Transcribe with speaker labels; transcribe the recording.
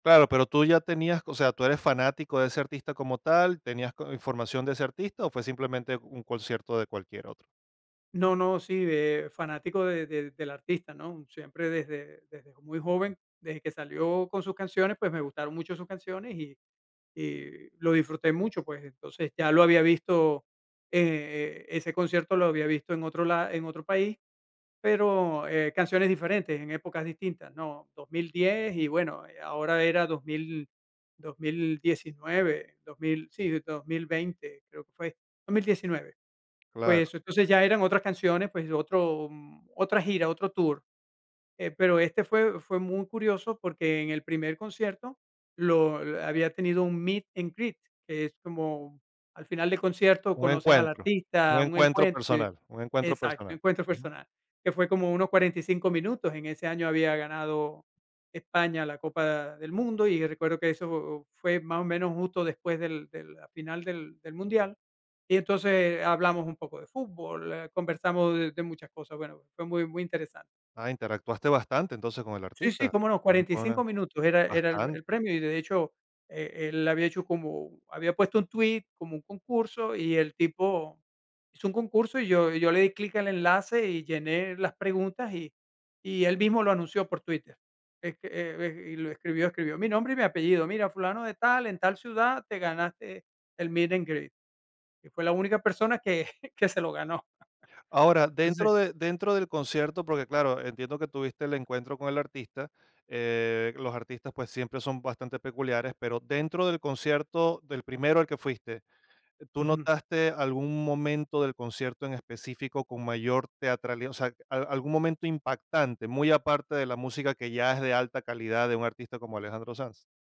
Speaker 1: Claro, pero, tú ya tenías o sea, tú eres fanático de ese artista como tal, ¿tenías co información de ese artista o fue simplemente un concierto de cualquier otro?
Speaker 2: No no, sí, eh, fanático de de del artista, ¿no? Siempre desde desde muy joven, desde que salió con sus canciones, pues me gustaron mucho sus canciones, y y lo disfruté mucho, pues, entonces, ya lo había visto, eh, ese concierto lo había visto en otro la en otro país, pero, eh, canciones diferentes en épocas distintas, ¿no? 2010 y, bueno, eh, ahora era 2000, 2019, 2000, sí, desde 2020 creo que fue 2019,
Speaker 1: Claro.
Speaker 2: pues, entonces ya eran otras canciones, pues, de otro, mm, otra gira, otro tour, eh, pero este fue fue muy curioso, porque en el primer concierto lo eh, había tenido un meet and greet, que es como al final del concierto
Speaker 1: Un
Speaker 2: conoces al
Speaker 1: encuentro, un
Speaker 2: artista, un
Speaker 1: encuentro
Speaker 2: encuentro
Speaker 1: personal, un encuentro
Speaker 2: Exacto, un
Speaker 1: personal,
Speaker 2: encuentro
Speaker 1: ujú.
Speaker 2: personal, que fue como unos 45 minutos, en ese año había ganado España la Copa del Mundo, y recuerdo que eso fue más o menos justo después del de la final del del mundial, y entonces, eh, hablamos un poco de fútbol, eh, conversamos de de muchas cosas, bueno, fue muy muy interesante.
Speaker 1: Ah, interactuaste bastante, entonces, con el
Speaker 2: Sí, sí,
Speaker 1: artista,
Speaker 2: cómo no, 45
Speaker 1: [unintelligible]
Speaker 2: minutos era era el el
Speaker 1: bastante.
Speaker 2: premio, y de hecho, eh, él había hecho como había puesto un tweet, como un concurso, y el tipo hizo un concurso, y yo y yo le di clic al enlace y llené las preguntas, y y él mismo lo anunció por Twitter, es que e e y lo escribió escribió mi nombre y mi apellido. Mira, fulano de tal, en tal ciudad te ganaste el meet and greet, y fui la única persona que que se lo ganó.
Speaker 1: Ahora,
Speaker 2: Entonces
Speaker 1: dentro de dentro del concierto, porque claro, entiendo que tuviste el encuentro con el artista, eh, los artistas, pues, siempre son bastante peculiares, pero dentro del concierto del primero al que fuiste, ¿tú
Speaker 2: Ujú.
Speaker 1: notaste algún momento del concierto en específico con mayor teatralía o sea, a algún momento impactante, muy aparte de la música que ya es de alta calidad de un artista como Alejandro Sanz?